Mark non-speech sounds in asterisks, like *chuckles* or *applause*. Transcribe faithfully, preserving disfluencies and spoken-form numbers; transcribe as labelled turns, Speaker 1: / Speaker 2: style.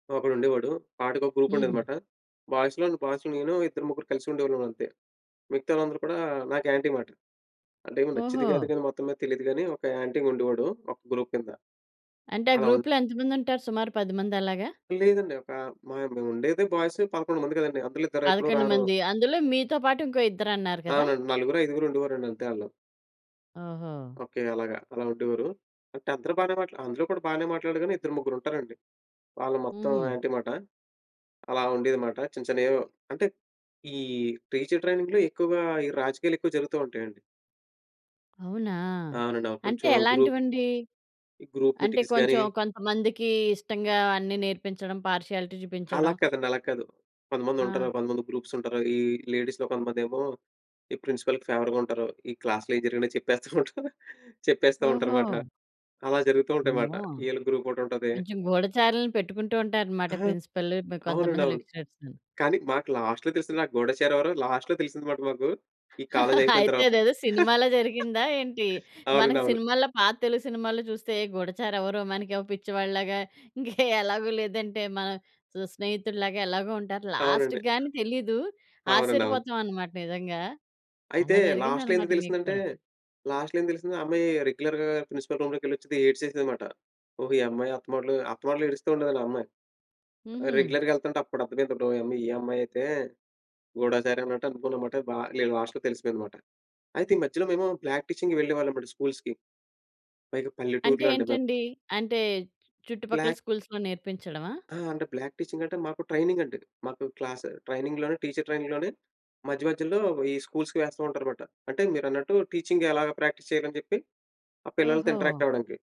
Speaker 1: ఒకడుండేవాడు. వాడికొక గ్రూపుండేది
Speaker 2: హుహు.
Speaker 1: మాట. బాయ్స్‌లోని బాయ్స్‌లో నేనూ ఇద్దరు, ముగ్గురు కలిసి ఉండేవాళ్ళమంతే. మిగతా వాళ్ళందరూ కూడా నాకు యాంటీ మాట. అంటే ఏమో నచ్చేదో గాదో
Speaker 2: ఓహో!
Speaker 1: గాని మొత్తం మీద తెలీదు గాని ఒక యాంటీగుండేవాడు. ఒక గ్రూప్ కింద.
Speaker 2: అంటే ఆ
Speaker 1: అలా ఉన్
Speaker 2: గ్రూపులో ఎంత మందుంటారు సుమారు పది మంది అలాగా?
Speaker 1: లేదండి. ఒకా మేముండేదే బాయ్స్ పదకొండు మంది కదండీ. అందులో ఇద్దరెప్పుడూ
Speaker 2: పదకొండు
Speaker 1: రారు.
Speaker 2: మంది. అందులో మీతో పాటు ఇంకో ఇద్దరన్నారు గదా!
Speaker 1: అవునండి. నలుగురు, ఐదుగురుండేవారండి అంతే ఆళ్ళు.
Speaker 2: ఓహో!
Speaker 1: ఓకే. అలాగా. అలా ఉండేవారు. అంటే అందరూ బానే మాట్లా అందరూ కూడా బానే మాట్లాడారు గాని, ఇద్దరు ముగ్గురుంటారండి. వాళ్ళు మొత్తం
Speaker 2: హుహు.
Speaker 1: యాంటీ మాట. అలా ఉండేది మాట. చిన్న, చిన్నయేవో అంటే ఈ టీచరు ట్రైనింగ్‌లో ఎక్కువగా ఈ రాజకీయాలెక్కువ జరుగుతూ ఉంటాయండి.
Speaker 2: అవునా!
Speaker 1: అవునండి. అవును.
Speaker 2: అంటే
Speaker 1: కొంచెం గ్రూప్
Speaker 2: ఎలాంటివండి?
Speaker 1: ఈ గ్రూప్
Speaker 2: అంటే
Speaker 1: మీటింగ్స్ గాని
Speaker 2: కొంచెం కొంతమందికి ఇష్టంగా అన్నీ నేర్పించడం, పార్షియాలిటీ
Speaker 1: అలా
Speaker 2: చూపించడం.
Speaker 1: కాదండి. అలా కాదు. కొంతమందుంటారు,
Speaker 2: ఆ!
Speaker 1: కొంతమంది గ్రూప్సుంటారు. ఈ లేడీస్‌లో కొంతమందేమో, ఈ ప్రిన్సిపల్‌కి ఫేవర్‌గా ఉంటారు. ఈ క్లాస్‌లో ఏయి జరిగినా చెప్పేస్తూ ఉంటారు. చెప్పేస్తా ఉంటరు
Speaker 2: ఓహో!
Speaker 1: మాట. అలా జరుగుతూ ఉంటాయి మాట.
Speaker 2: అమ్మో!
Speaker 1: ఈళ్ళ గ్రూపోటుంటాది.
Speaker 2: కొంచెం గూఢచారులుని పెట్టుకుంటూ ఉంటారనమాట.
Speaker 1: ఆ!
Speaker 2: ప్రిన్సిపల్
Speaker 1: అవునండి.
Speaker 2: కొంతమంది
Speaker 1: అవును.
Speaker 2: లెక్చరర్స్‌ని.
Speaker 1: కానీ మాకు లాస్ట్‌లో తెలిసింది. ఆ గూడచారెవరో, లాస్ట్‌లో తెలిసింది మాట మాకు. ఈ
Speaker 2: *chuckles*
Speaker 1: కాలేజయిపోయిన
Speaker 2: అయితే
Speaker 1: తరువాత.
Speaker 2: అదేదో సినిమాలో
Speaker 1: *laughs*
Speaker 2: జరిగిందా ఏంటి?
Speaker 1: అవునండి.
Speaker 2: మనకు
Speaker 1: అవును.
Speaker 2: సినిమాలో పాత తెలుగు సినిమాల్లో చూస్తే గూడాచారెవరో, మనకేమో పిచ్చివాడి లాగా, ఇంక ఎలాగో లేదంటే మన స్నేహితుడు లాగా ఎలాగో ఉంటారు.
Speaker 1: అవునండి.
Speaker 2: లాస్ట్‌కి గాని తెలీదు.
Speaker 1: అవునండి. అవును.
Speaker 2: ఆశ్చర్యపోతాం అనమాట నిజంగా.
Speaker 1: అయితే
Speaker 2: అలా
Speaker 1: లాస్ట్‌లో
Speaker 2: జరిగిందనమాట
Speaker 1: ఎందుకు
Speaker 2: మీకు
Speaker 1: తెలిసిందంటే,
Speaker 2: కూడా.
Speaker 1: లాస్ట్‌లో ఏం తెలిసింది. ఆ అమ్మాయి రెగ్యులర్‌గా ప్రిన్సిపల్ రూమ్‌లోకెళ్ళొచ్చిది ఏడ్సేసేది మాట. ఓహో! ఈ అమ్మాయి అత్తమాటులు అత్తమాటులు ఏడుస్తూ ఉండేదండి ఆ అమ్మాయి.
Speaker 2: హుహు.
Speaker 1: రెగ్యులర్‌గా యెళ్తుంటే అప్పుడర్థమయిందండోయి. అమ్మో! ఈ అమ్మాయయితే గూడాచారి అన్నట్టు అనుకున్నా మాట. బా లే లాస్ట్‌లో తెలిసిపోయింది మాట. అయితే ఈ మధ్యలో మేము ప్రాక్టీసింగ్‌కి వెళ్ళేవాళ్ళమండి స్కూల్స్‌కి. పైగా
Speaker 2: అంటే
Speaker 1: పల్లెటూరులో అండి మాది.
Speaker 2: ఏంటండి? అంటే చుట్టుపక్కల
Speaker 1: బ్లాక్
Speaker 2: స్కూల్స్‌లో నేర్పించడమా?
Speaker 1: ఆ! అంటే బ్లాక్ టీచింగంటే మాకు ట్రైనింగండి. మాకు క్లాసు ట్రైనింగ్‌లోనే టీచరు ట్రైనింగ్‌లోనే మధ్య మధ్యలో ఈ స్కూల్స్‌కి వేస్తూ ఉంటారు మాట. అంటే మీరన్నట్టు టీచింగ్ ఎలాగా ప్రాక్టీస్ చేయాలని చెప్పి, ఆ పిల్లలతో
Speaker 2: ఓహో!
Speaker 1: ఇంటరాక్టవ్వడానికి.